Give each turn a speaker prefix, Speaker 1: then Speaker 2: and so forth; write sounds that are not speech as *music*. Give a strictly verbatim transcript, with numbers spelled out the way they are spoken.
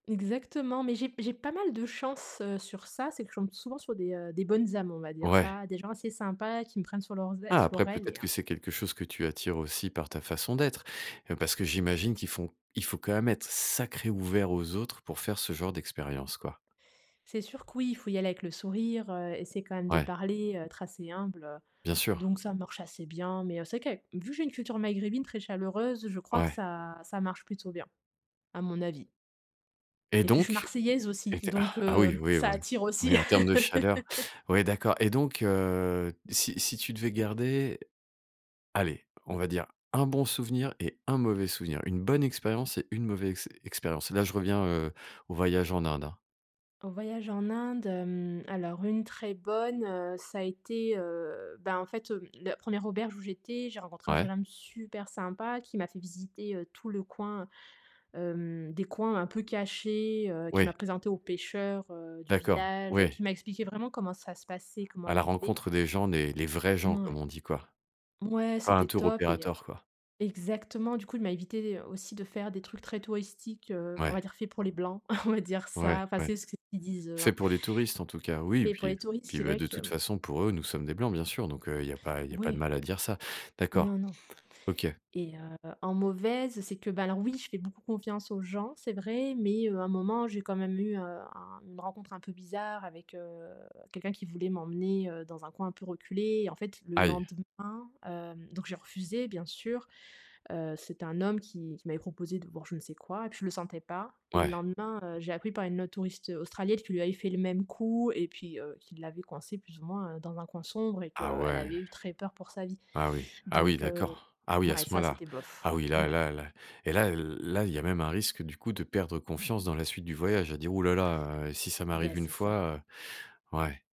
Speaker 1: Exactement, mais j'ai j'ai pas mal de chance, heu, sur ça, c'est que je tombe souvent sur des, heu, des bonnes âmes, on va dire
Speaker 2: Ouais.
Speaker 1: ça, des gens assez sympas qui me prennent sur leurs ai
Speaker 2: Ah,
Speaker 1: sous leur
Speaker 2: après
Speaker 1: aile, et
Speaker 2: peut-être
Speaker 1: heu.
Speaker 2: que c'est quelque chose que tu attires aussi par ta façon d'être. Heu, parce que j'imagine qu'ils font il faut quand même être sacré ouvert aux autres pour faire ce genre d'expérience, quoi?
Speaker 1: C'est sûr que oui, il faut y aller avec le sourire, heu, essayer quand même de
Speaker 2: Ouais.
Speaker 1: parler, heu, être assez humble, heu.
Speaker 2: Bien sûr.
Speaker 1: Donc ça marche assez bien mais, heu, c'est vrai qu'avec vu que j'ai une culture maghrébine très chaleureuse, je crois que
Speaker 2: Ouais.
Speaker 1: ça ça marche plutôt bien, à mon avis.
Speaker 2: Et
Speaker 1: Et puis je suis
Speaker 2: donc?
Speaker 1: marseillaise
Speaker 2: Et
Speaker 1: aussi,
Speaker 2: tu es ah!
Speaker 1: donc,
Speaker 2: Ah
Speaker 1: heu,
Speaker 2: oui, ouais,
Speaker 1: ça
Speaker 2: oui.
Speaker 1: attire
Speaker 2: Oui,
Speaker 1: aussi.
Speaker 2: en terme de chaleur.
Speaker 1: *laughs*
Speaker 2: Ouais, d'accord et donc, heu, si si tu devais garder, allez, on va dire un bon souvenir et un mauvais souvenir, une bonne expérience et une mauvaise ex expérience. Là, je reviens, heu, au voyage en Inde, hein.
Speaker 1: En voyage en Inde, hem, alors une très bonne, heu, ça a été, heu ben en fait, hem, la première auberge où j'étais, j'ai rencontré un jeune
Speaker 2: Ouais.
Speaker 1: homme super sympa qui m'a fait visiter, heu, tout le coin. Hem, des coins un peu cachés, heu, qui
Speaker 2: Oui.
Speaker 1: m'a présenté aux pêcheurs, heu, du
Speaker 2: D'accord,
Speaker 1: village,
Speaker 2: oui.
Speaker 1: qui m'a expliqué vraiment comment ça se passait, comment
Speaker 2: À
Speaker 1: ils
Speaker 2: la
Speaker 1: vivaient
Speaker 2: rencontre des gens, des les vrais gens
Speaker 1: mmh,
Speaker 2: comme
Speaker 1: ouais.
Speaker 2: on dit, quoi.
Speaker 1: Mouais
Speaker 2: Pas un
Speaker 1: c'était
Speaker 2: tour
Speaker 1: top et, heu.
Speaker 2: operator quoi.
Speaker 1: Exactement, du coup il m'a évité, heu, aussi de faire des trucs très touristiques, heu, on va
Speaker 2: Ouais.
Speaker 1: dire fait pour les blancs, *chuckles* on va dire
Speaker 2: Ouais,
Speaker 1: ça, enfin
Speaker 2: ouais.
Speaker 1: c'est ce qu'ils disent eux,
Speaker 2: Fait
Speaker 1: hein
Speaker 2: pour les touristes en tout cas, oui,
Speaker 1: et pour
Speaker 2: puis, heu.
Speaker 1: les touristes
Speaker 2: Puis,
Speaker 1: c'est
Speaker 2: bah
Speaker 1: vrai
Speaker 2: de
Speaker 1: que,
Speaker 2: toute
Speaker 1: hem.
Speaker 2: façon pour eux, nous sommes des blancs bien sûr, donc, heu, il y a pas il y a pas de
Speaker 1: Ouais.
Speaker 2: mal à dire ça. D'accord.
Speaker 1: Non, non.
Speaker 2: OK.
Speaker 1: Et heu, en mauvaise, c'est que, ben alors oui, je fais beaucoup confiance aux gens c'est vrai mais, heu, à un moment j'ai quand même eu, heu, un une rencontre un peu bizarre avec, heu, quelqu'un qui voulait m'emmener, heu, dans un coin un peu reculé. Et en fait le
Speaker 2: Aïe!
Speaker 1: lendemain, heu, donc j'ai refusé bien sûr. Heu, c'était un homme qui, qui m'avait proposé de voir, je ne sais quoi, et puis je le sentais pas. Et le
Speaker 2: Ouais.
Speaker 1: lendemain, heu, j'ai appris par une autre touriste, heu, australienne qu'il lui avait fait le même coup et puis, heu, qui l'avait coincée plus ou moins, heu, dans un coin sombre et
Speaker 2: Ah
Speaker 1: que, elle
Speaker 2: ouais.
Speaker 1: avait eu très peur pour sa vie.
Speaker 2: Ah oui ah oui,
Speaker 1: Donc, heu,
Speaker 2: d'accord! Ah oui à
Speaker 1: mouais
Speaker 2: ce
Speaker 1: ça
Speaker 2: point-là?
Speaker 1: c'était bof.
Speaker 2: Ah oui là
Speaker 1: Ouais.
Speaker 2: là là. Et là, heu, là, il y a même un risque du coup de perdre confiance dans la suite du voyage, à dire: «Ouh là là, heu, et si ça
Speaker 1: Beh,
Speaker 2: m'arrive une
Speaker 1: c'est ça!
Speaker 2: fois, heu». Ouais.